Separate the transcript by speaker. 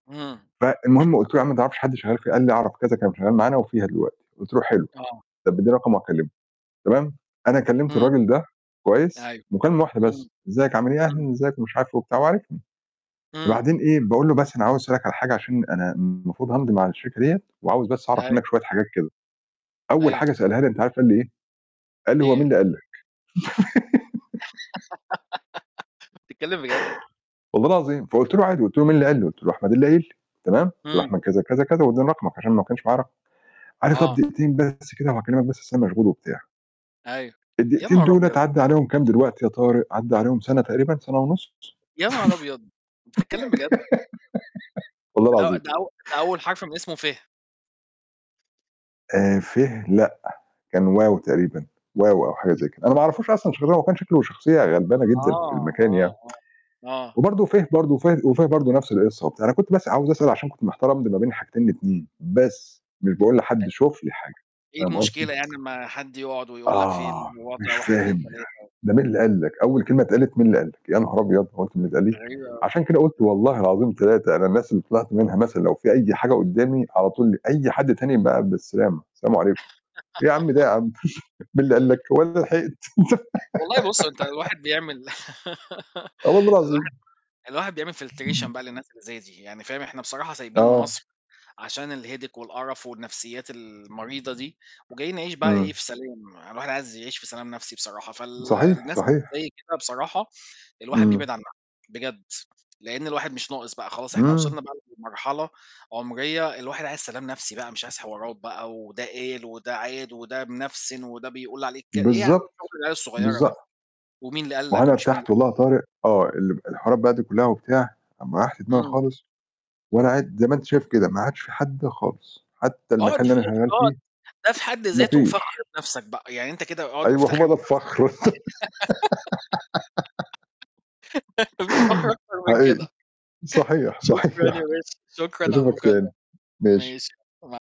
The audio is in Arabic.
Speaker 1: إمم.
Speaker 2: فالمهم قُلت له: "يا عم ما تعرَفش حد شغّال فيه؟" قال لي: "أعرَف كذا كان شغال معانا وفيها دلوقتي." قُلت له: "حلو،
Speaker 1: آه.
Speaker 2: طَب اديني رقمه وهاكلمه." تمام، أنا كلّمت
Speaker 1: إمم.
Speaker 2: الراجل ده كويس
Speaker 1: أيوه.
Speaker 2: مكالمة واحدة
Speaker 1: إمم.
Speaker 2: بس، إزيّك عامل إيه،
Speaker 1: إمم.
Speaker 2: أهلًا إزّيك ومش عارف إيه وبتاع، هو عارفني،
Speaker 1: إمم.
Speaker 2: وبعدين إيه باقول له: "بس أنا عاوز أسألك على حاجة عشان أنا المفروض هامضي مع الشركة ديّة وعاوز بس أعرَف
Speaker 1: أيوه.
Speaker 2: منّك شوية حاجات كده." أوّل
Speaker 1: أيوه.
Speaker 2: حاجة سألها لي أنت عارف قال لي إيه؟ قال لي: "هو مين
Speaker 1: إيه؟
Speaker 2: اللي قال لك؟".
Speaker 1: .بتتكلّم بجد؟!
Speaker 2: والله العظيم. فقُلت له عادي، قُلت له مين اللي قال لي، قُلت له: "أحمد اللي قايل لي" تمام، قُلت له:
Speaker 1: إمم.
Speaker 2: "أحمد كذا، كذا، كذا، وادّاني رقمك عشان ما كانش معايا رقمك." قال لي: "طَب
Speaker 1: آه.
Speaker 2: دقيقتين بس كده وهاكلّمك بس أصل أنا مشغول وبتاع."
Speaker 1: أيوه. يا
Speaker 2: الدقيقتين
Speaker 1: نهار
Speaker 2: دُولة
Speaker 1: أبيض!
Speaker 2: عدّى عليهم كام دلوقتي يا طارق، عدى عليهم سَنة تقريبًا، سنة ونُص،
Speaker 1: يا نهار أبيض! بتتكلّم بجد؟!
Speaker 2: والله
Speaker 1: ده أ
Speaker 2: العظيم.
Speaker 1: ده أو ده أول حرف من اسمه ف.
Speaker 2: آآ، ف، لأ، كان و، تقريبًا، و، أو حاجة
Speaker 1: [unintelligible]
Speaker 2: زَي كده، أنا ما أعرفوش أصلًا [unintelligible] هو كان شكله شخصية غلبانة جدًا في
Speaker 1: آه،
Speaker 2: المكان يعني،
Speaker 1: آه، آه، آه.
Speaker 2: وبرضو ف، برضو وف وف، برضو نفْس القصّة وبتاع، أنا كنت بس عاوز أسأل عشان كنت محتار أمضي ما بين الحاجتين ال2 بس، مش باقول لحد شُوف لي حاجة،
Speaker 1: [unintelligible] إيه
Speaker 2: فاهم قصدي.
Speaker 1: المشكلة يعني لمّا حد يقعد ويقول لك في
Speaker 2: آه،
Speaker 1: الوضع
Speaker 2: مش
Speaker 1: واحد،
Speaker 2: فاهم
Speaker 1: اتنين،
Speaker 2: يعني،
Speaker 1: تلاتة؟
Speaker 2: ده مين اللي قال لك، أوّل كلمة اتقالت مين اللي قال لك، يا نهار أبيض هو أنت [unintelligible] قال
Speaker 1: دي
Speaker 2: لي!
Speaker 1: غريبة أوي.
Speaker 2: عشان كده قُلت والله العظيم تلاتة أنا الناس اللي طِلعت منها مثلًا لو فيه أي حاجة قدّامي على طول أي حد تاني بقى بالسلامة، سلام عليكم، إيه يا عم ده يا عم مين اللي قال لك، هو أنا لحقت.
Speaker 1: والله بُصّ، أنت الواحد بيعمل
Speaker 2: آه والله
Speaker 1: الواحد
Speaker 2: العظيم.
Speaker 1: الواحد بيعمل filtration
Speaker 2: إمم.
Speaker 1: بقى للناس اللي زي دي، يعني فاهم إحنا بصراحة سايبين
Speaker 2: آه.
Speaker 1: مَصر عشان الheadache والقرف والنفْسيات المريضة دي، وجايين نعيش بقى إيه
Speaker 2: إمم.
Speaker 1: في سلام، الواحد عايز يعيش في سلام نفْسي بصراحة، فال
Speaker 2: صحيح،
Speaker 1: الناس
Speaker 2: صحيح.
Speaker 1: اللي زّي كده بصراحة الواحد بيبعد
Speaker 2: إمم.
Speaker 1: عنها بجد، لإن الواحد مش ناقص بقى خلاص إحنا
Speaker 2: إمم.
Speaker 1: وصلنا بقى لمرحلة عُمرية الواحد عايز سلام نفْسي بقى مش عايز حوارات بقى وده قال وده عاد وده منفسِن وده بيقول عليك ك إيه يا عم
Speaker 2: بالضبط.
Speaker 1: شغل العيال الصغيّرة
Speaker 2: بالض
Speaker 1: ده، ومين اللي قال
Speaker 2: ما هو
Speaker 1: لك
Speaker 2: أنا
Speaker 1: ومش مين
Speaker 2: ارتحت والله يا طارق آه، ال الحوارات بقى دي كلّها وبتاع أمّا ريّحت دماغي
Speaker 1: إمم.
Speaker 2: خالص وأنا قاعد زَي ما أنت شايف كده، ما عادش فيه حد خالص، حتّى
Speaker 1: اقعد،
Speaker 2: المكان اللي أنا شغال
Speaker 1: [unintelligible]
Speaker 2: فيه
Speaker 1: ده في حد
Speaker 2: ما
Speaker 1: ذاته فخر
Speaker 2: فيش.
Speaker 1: بنفْسك بقى، يعني أنت كده اقعد
Speaker 2: أيوه،
Speaker 1: مُفتخر
Speaker 2: هو ده
Speaker 1: بنفْسك.
Speaker 2: الفخر.
Speaker 1: ما فيش فخر أكتر من
Speaker 2: حقيقي.
Speaker 1: كده.
Speaker 2: صحيح،
Speaker 1: شكرًا يا
Speaker 2: صحيح،
Speaker 1: باشا، شكرًا على
Speaker 2: أشوفك
Speaker 1: المكالمة،
Speaker 2: تاني،
Speaker 1: ماشي،
Speaker 2: ماشي.
Speaker 1: مع